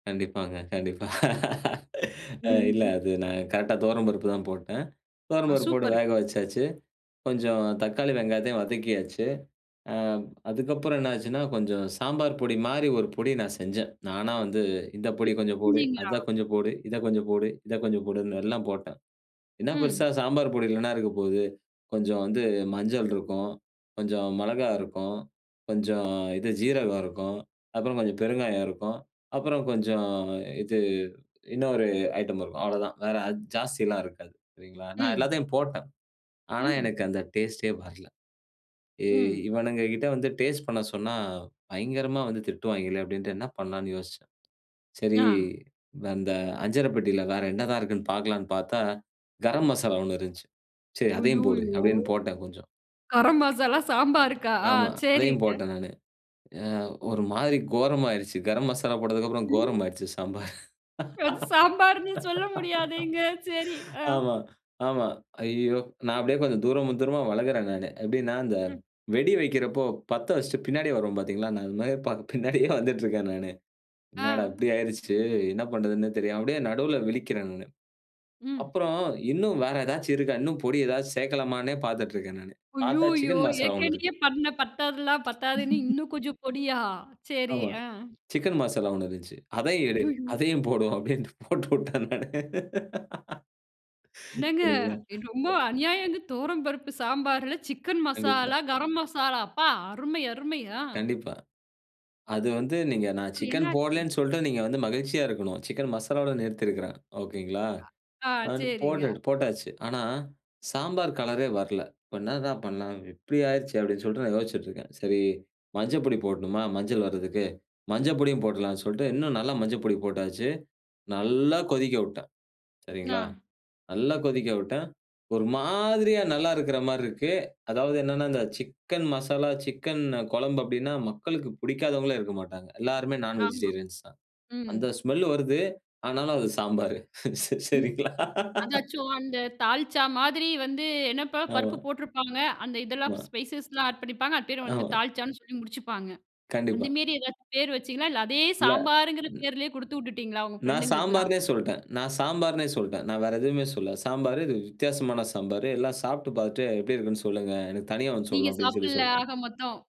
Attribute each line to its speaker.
Speaker 1: கண்டிப்பாங்க, கண்டிப்பா. அ இல்ல,
Speaker 2: [unintelligible]
Speaker 1: அது நான் கரெக்ட்டா தொவரம்பருப்பு தான் போட்டேன்.
Speaker 2: அ
Speaker 1: தொவரம்பருப்பு போட்டு
Speaker 2: சூப்பரு.
Speaker 1: வேக வச்சாச்சு. கொஞ்சம் தக்காளி, வெங்காயத்தையும் வதக்கியாச்சு. அ அதுக்கப்புறம் என்ன ஆச்சுன்னா, கொஞ்சம் சாம்பார் பொடி மாரி ஒரு பொடி நான் செஞ்சேன். நானா வந்து "இந்த
Speaker 2: நீ,
Speaker 1: பொடி கொஞ்சம் போடு,
Speaker 2: செஞ்சீங்களா?
Speaker 1: அத கொஞ்சம் போடு, இத கொஞ்சம் போடு, இத கொஞ்சம் போடுன்னு எல்லாம் போட்டேன்." "என்ன பெருசா
Speaker 2: ம்.
Speaker 1: சாம்பார் பொடியில என்ன இருக்க போகுது? கொஞ்சம் வந்து மஞ்சள் இருக்கும், கொஞ்சம் மெளகா இருக்கும், கொஞ்சம் இது ஜீரகம் இருக்கும் அப்புறம் கொஞ்சம் பெருங்காயம், இருக்கும் அப்புறம் கொஞ்சம் இது இன்னொரு ஐட்டம் இருக்கும் அவ்வளவுதான் வேற அது ஜாஸ்தி எல்லாம் இருக்காது" சரிங்களா? நான்
Speaker 2: ம்.
Speaker 1: எல்லாத்தையும் போட்டேன். ஆனா
Speaker 2: ம்.
Speaker 1: எனக்கு அந்த டேஸ்ட்டே வரல. "ஏ
Speaker 2: ம்.
Speaker 1: இவனுங்க கிட்ட வந்து டேஸ்ட் பண்ண சொன்னா பயங்கரமா வந்து திட்டுவாய்ங்களே!" அப்டின்ட்டு என்ன பண்ணலாம்ன்னு யோசிச்சேன். சரி,
Speaker 2: ஆ.
Speaker 1: அந்த அஞ்சரப்பட்டியில வேற என்னதான் இருக்குதுன்னு பார்க்கலாம்ன்னு பார்த்தா, கரம் மசாலா ஒண்ணு இருந்துச்சு. "சரி, அதையும் போடு"
Speaker 2: "ஐய்யோயோ!
Speaker 1: அப்டின்னு போட்டேன் கொஞ்சம்.
Speaker 2: கரம் மசாலா சாம்பார்க்கா?" ஆ
Speaker 1: ஆமா, அதையும்
Speaker 2: சரிங்க.
Speaker 1: போட்டேன் நானு. அ ஒரு மாரி கோரமா ஆயுருச்சு. கரம் மசாலா போட்டதுக்கு அப்புறம் கோரமா ஆயுருச்சு சாம்பார்.
Speaker 2: அது சாம்பார்ன்னு சொல்ல முடியாதேங்க, சரி. ஆ
Speaker 1: ஆமா, ஆமா. "ஐய்யயோ!" நான் அப்டியே கொஞ்சம் தூரம் தூரமா வெலகுறேன் நானு. எப்டினா, அந்த
Speaker 2: ம்.
Speaker 1: வெடி வைக்கிறப்போ பத்த வைச்சிட்டு பின்னாடியே வருவோம் பார்த்தீர்களா? நான் அந்த மாரி பின்னாடியே வந்துகிட்டு இருக்கேன் நானு. "என்னடா
Speaker 2: அ.
Speaker 1: இப்டி ஆயுடுச்சு, என்ன பண்றதுன்னே தெரியாம" அப்டியே நடுவில விழிக்கிறேன் நானு.
Speaker 2: ம்.
Speaker 1: அப்புறம் "இன்னும் வேறு ஏதாச்சு இருக்கா? இன்னும் பொடி ஏதாச்சு சேர்க்கலாமானு" பார்த்திட்டிருக்கேன் நானு. பார்த்தா,
Speaker 2: "ஐய்யோயோ!
Speaker 1: சிக்கன் மசாலா ஒண்ணு
Speaker 2: ஏற்கனவே
Speaker 1: இருக்கு.
Speaker 2: பண்ண பத்தாதலாம் பத்தாதுன்னு இன்னும் கொஞ்சம் பொடியா?" சரி.
Speaker 1: ஆமா,
Speaker 2: ஆ.
Speaker 1: சிக்கன் மசாலா ஒண்ணு இருந்துச்சு. அதையும் எடு.
Speaker 2: ஐய்யோயோ!
Speaker 1: "அதையும் போடுவோம்" அப்டின்னு போட்டு விட்டேன் நானு.
Speaker 2: "என்னங்க,
Speaker 1: சரிங்களா.
Speaker 2: ரொம்ப
Speaker 1: [unintelligible]
Speaker 2: அநியாயங்க தொவரம்பருப்பு சாம்பார்ல சிக்கன்
Speaker 1: கண்டிப்பா.
Speaker 2: மசாலா, கரம் மசாலா, அப்பா!" அருமை அருமை ஆ.
Speaker 1: கண்டிப்பா. அது வந்து நீங்க "நான்
Speaker 2: அப்புறம் என்ன
Speaker 1: சிக்கன்
Speaker 2: ஆச்சு?
Speaker 1: போடலன்னு" சொல்ட்டு, நீங்க வந்து மகிழ்ச்சியா இருக்கணும். சிக்கன் மசாலாவோடு நிறுத்தியிருக்கிறேன் ஓகேங்களா!
Speaker 2: க ஆ
Speaker 1: அது வந்து
Speaker 2: சரிங்க.
Speaker 1: போட்டு போட்டாச்சு. ஆனா, சாம்பார் கலரே வரல. இப்போ "என்னடா பண்ணலாம்? இப்டி ஆயிடுச்சே!" அப்டின்னு சொல்லிட்டு நான் யோசிச்சிட்டு இருக்கேன். சரி, "மஞ்ச பொடி போடணுமா? மஞ்சள் வர்றதுக்கு, மஞ்ச பொடியும் போடலாம்ன்னு" சொல்லிட்டு இன்னும் நல்லா மஞ்ச பொடி போட்டாச்சு, நல்லா கொதிக்க விட்டேன்
Speaker 2: நா.
Speaker 1: சரிங்களா? நல்லா கொதிக்க விட்டேன். ஒரு மாதிரியா நல்லா இருக்கிற மாரி இருக்கு. அதாவது என்னன்னா, இந்த சிக்கன் மசாலா, சிக்கன் கொழம்பு அப்டின்னா, மக்களுக்கு புடிக்காதவங்களே இருக்க மாட்டாங்க, எல்லாருமே நான்
Speaker 2: ஆமா.
Speaker 1: வெஜிடேரியன்ஸ் தான்.
Speaker 2: ம்.
Speaker 1: அந்த ஸ்மெல் வருது. ஆனாலும், அது சாம்பார். சரிங்களா?
Speaker 2: அதாச்சும் அந்த "தால்ச்சா" மாதிரி வந்து "என்னப்பா பருப்பு
Speaker 1: ஆமா.
Speaker 2: போட்ருப்பாங்க. அந்த இதெல்லாம்
Speaker 1: [unintelligible]
Speaker 2: ஸ்பைசஸ்லாம் ஆட் பண்ணிப்பாங்க அது பேர் வந்து
Speaker 1: ஆமா.
Speaker 2: 'தால்சா'ன்னு சொல்லி முடிச்சுப்பாங்க." அந்த
Speaker 1: கண்டிப்பா.
Speaker 2: மேரி ஏதாச்சும் பேர் வச்சிங்களா? இல்ல அதே
Speaker 1: இல்ல.
Speaker 2: "சாம்பாரு"ங்கிற
Speaker 1: ம்.
Speaker 2: பேர்லேயே குடுத்து விட்டுட்டீங்களா உங்கள
Speaker 1: நான்
Speaker 2: ஃப்ரெண்டுகளுக்கலாம்?
Speaker 1: "சாம்பார்னே" சொல்ட்டேன். நான் "சாம்பார்னே" சொல்ட்டேன். நான் வேறு எதுவுமே சொல்லல. "சாம்பார் இது வித்தியாசமான சாம்பார், எல்லாம் சாப்பிட்டு பார்த்துட்டு எப்டி இருக்குன்னு சொல்லுங்க. எனக்கு தனியா வந்து
Speaker 2: நீங்க
Speaker 1: சொல்லணும்" அப்டின்னு சொல்லி
Speaker 2: சாப்படல
Speaker 1: சொல்ட்டேன்.
Speaker 2: ஆக மொத்தம்?